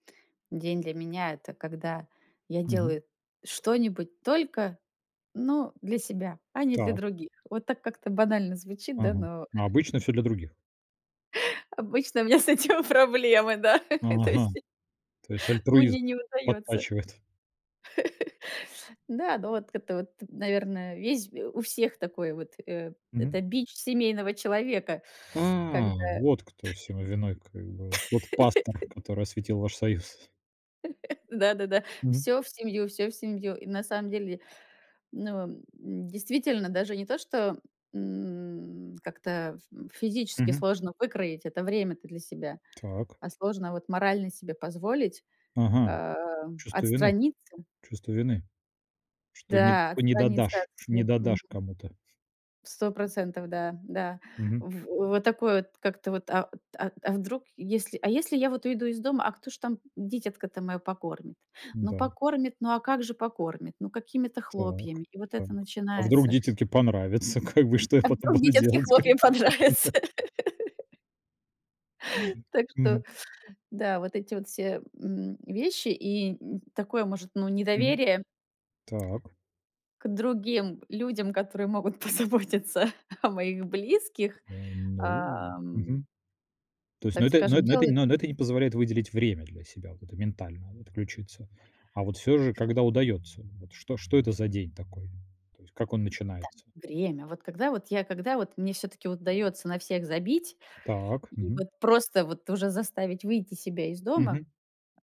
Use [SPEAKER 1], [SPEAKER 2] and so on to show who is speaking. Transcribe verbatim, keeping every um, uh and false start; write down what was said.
[SPEAKER 1] День для меня- это когда я
[SPEAKER 2] Мгм.
[SPEAKER 1] делаю что-нибудь только, ну, для себя, а не для
[SPEAKER 2] Та.
[SPEAKER 1] других. Вот так как-то банально звучит, да,
[SPEAKER 2] Мгм.
[SPEAKER 1] но
[SPEAKER 2] Ну, обычно всё для других?
[SPEAKER 1] обычно у меня с этим проблемы, да! То
[SPEAKER 2] Ага.
[SPEAKER 1] есть
[SPEAKER 2] То есть альтруизм
[SPEAKER 1] мне не удаётся.
[SPEAKER 2] подтачивает.
[SPEAKER 1] Да, ну, вот это вот, наверное, весь у всех такой вот, э, это
[SPEAKER 2] Мгм.
[SPEAKER 1] бич семейного человека, когда
[SPEAKER 2] А, вот кто всему виной, как бы. Вот пастор, который осветил ваш союз.
[SPEAKER 1] Да-да-да,
[SPEAKER 2] Мгм.
[SPEAKER 1] всё в семью, всё в семью. И на самом деле, ну, м, действительно, даже не то, что, м, как-то ф м физически
[SPEAKER 2] Мгм.
[SPEAKER 1] сложно выкроить это время-то для себя,
[SPEAKER 2] Так.
[SPEAKER 1] а сложно вот морально себе позволить,
[SPEAKER 2] Ага.
[SPEAKER 1] а,
[SPEAKER 2] Чувство вины?
[SPEAKER 1] отстраниться.
[SPEAKER 2] Чувство вины. Что не
[SPEAKER 1] Да,
[SPEAKER 2] что не
[SPEAKER 1] отстраниться от
[SPEAKER 2] додашь, что не
[SPEAKER 1] всех. Мгм.
[SPEAKER 2] додашь кому-то.
[SPEAKER 1] процентов, да да.
[SPEAKER 2] Мгм.
[SPEAKER 1] В вот такое вот как-то вот, а а а вдруг, если а если я вот уйду из дома, а кто ж там дитятко-то моё покормит? Ну,
[SPEAKER 2] М-да.
[SPEAKER 1] покормит, ну, а как же покормит? Ну, какими-то
[SPEAKER 2] Так,
[SPEAKER 1] хлопьями, и вот
[SPEAKER 2] так.
[SPEAKER 1] это
[SPEAKER 2] А вдруг
[SPEAKER 1] начинается.
[SPEAKER 2] дитятке понравится? Как бы, что я
[SPEAKER 1] А
[SPEAKER 2] потом
[SPEAKER 1] вдруг
[SPEAKER 2] буду
[SPEAKER 1] дитятке
[SPEAKER 2] делать, как
[SPEAKER 1] хлопья
[SPEAKER 2] бы, да,
[SPEAKER 1] понравятся!
[SPEAKER 2] ну да!
[SPEAKER 1] Так что
[SPEAKER 2] Мгм.
[SPEAKER 1] да, вот эти вот все, м, вещи и, м, такое, может, ну,
[SPEAKER 2] Мгм.
[SPEAKER 1] недоверие
[SPEAKER 2] Так.
[SPEAKER 1] к другим людям, которые могут позаботиться о моих близких,
[SPEAKER 2] Э, ну,
[SPEAKER 1] ам
[SPEAKER 2] мгм. То есть, ну,
[SPEAKER 1] так
[SPEAKER 2] это, ну,
[SPEAKER 1] скажем,
[SPEAKER 2] эт ну, это,
[SPEAKER 1] делает.
[SPEAKER 2] ну ну, это не позволяет выделить время для себя, вот это, ментально отключиться. А вот всё же, когда удается? Вот что что это за день такой? То есть, как он
[SPEAKER 1] Да,
[SPEAKER 2] начинается?
[SPEAKER 1] время. Вот когда вот я когда вот мне всё-таки удаётся на всех забить
[SPEAKER 2] Так.
[SPEAKER 1] и
[SPEAKER 2] Мгм.
[SPEAKER 1] вот просто вот уже заставить выйти себя из дома
[SPEAKER 2] Мгм.